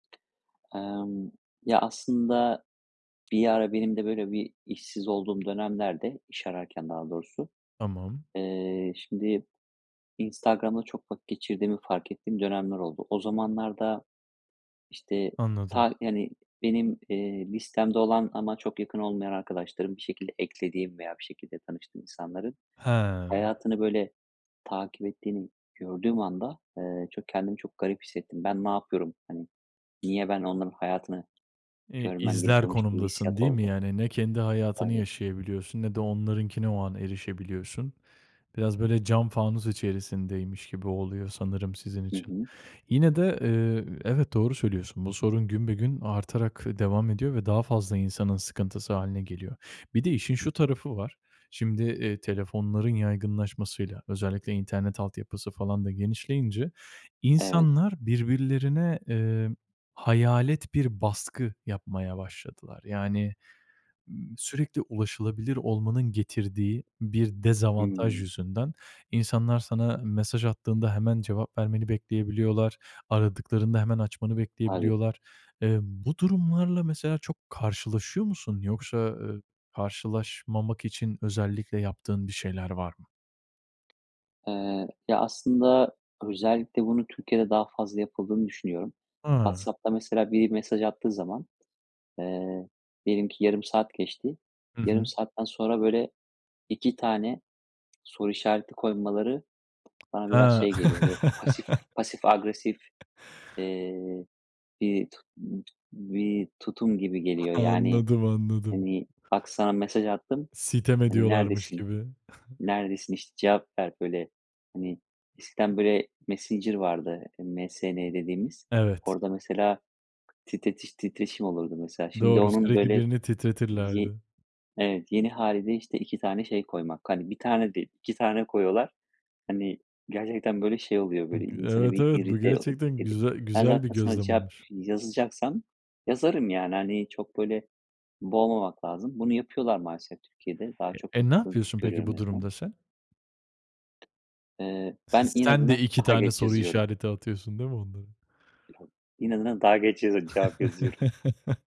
Emm, ya aslında bir ara benim de böyle bir işsiz olduğum dönemlerde iş ararken daha doğrusu, Tamam. eee, şimdi Instagram'da çok vakit geçirdiğimi fark ettiğim dönemler oldu. O zamanlarda işte Anladım. ta hani benim, eee, listemde olan ama çok yakın olmayan arkadaşlarım bir şekilde eklediğim veya bir şekilde tanıştığım insanların He. hayatını böyle takip ettiğimi gördüğüm anda, ııı, çok kendimi çok garip hissettim. Ben ne yapıyorum? Hani, niye ben onların hayatını Eee, görmem izler gerekiyormuş gibi bir konumdasın hissiyat değil mi? oldu. Yani, ne kendi hayatını [unintelligible] yaşayabiliyorsun, ne de onlarınkine o an erişebiliyorsun. Biraz böyle cam fanus içerisindeymiş gibi oluyor sanırım sizin Hı için. hı. Yine de, eee, evet doğru söylüyorsun. Bu sorun günbegün artarak devam ediyor ve daha fazla insanın sıkıntısı hâline geliyor. Bir de işin şu tarafı var. Şimdi, eee, telefonların yaygınlaşmasıyla, özellikle internet altyapısı falan da genişleyince Evet. insanlar birbirlerine, eee, hayalet bir baskı yapmaya başladılar. Yani, ııı, sürekli ulaşılabilir olmanın getirdiği bir dezavantaj Hımm. yüzünden, insanlar sana mesaj attığında hemen cevap vermeni bekleyebiliyorlar. Aradıklarında hemen açmanı Tabii. bekleyebiliyorlar. Eee, bu durumlarla mesela çok karşılaşıyor musun? Yoksa, ııı, karşılaşmamak için özellikle yaptığın bir şeyler var mı? Eee, ya aslında özellikle bunu Türkiye'de daha fazla yapıldığını düşünüyorum. Hı. WhatsApp'ta mesela biri mesaj attığı zaman, eee, diyelim ki yarım saat geçti. Hı Yarım hı. saatten sonra böyle 2 tane soru işareti koymaları bana biraz Ha. şey geliyor, böyle, pasif pasif agresif, eee, bir t t bir tutum gibi geliyor yani, Anladım, anladım. hani, "Bak sana mesaj attım." Sitem hani, ediyorlarmış "Neredesin? gibi. Neredesin işte cevap ver." böyle, hani, eskiden böyle Messenger vardı MSN dediğimiz. Evet. Orada mesela, titretiş titreşim olurdu mesela şimdi Doğru, onun sürekli böyle birini ye titretirlerdi. evet, yeni hâliyle işte 2 tane şey koymak, hani, 1 tane değil 2 tane koyuyorlar, hani, gerçekten böyle şey oluyor böyle İii, gü insanı evet, bir evet, bu irite o gerçekten edi güze ben güzel bir zaten sana gözlem cevap olmuş. yazacaksam yazarım yani, hani, çok böyle boğmamak lazım. Bunu yapıyorlar maalesef Türkiye'de. Daha E çok e, ne yapıldığını yapıyorsun peki görüyorum en bu azından. durumda sen? Iıı, S ben sen de inadına 2 daha tane geç soru yazıyorum. işareti atıyorsun değil mi onlara? İnadına daha geç yazı cevap yazıyorum.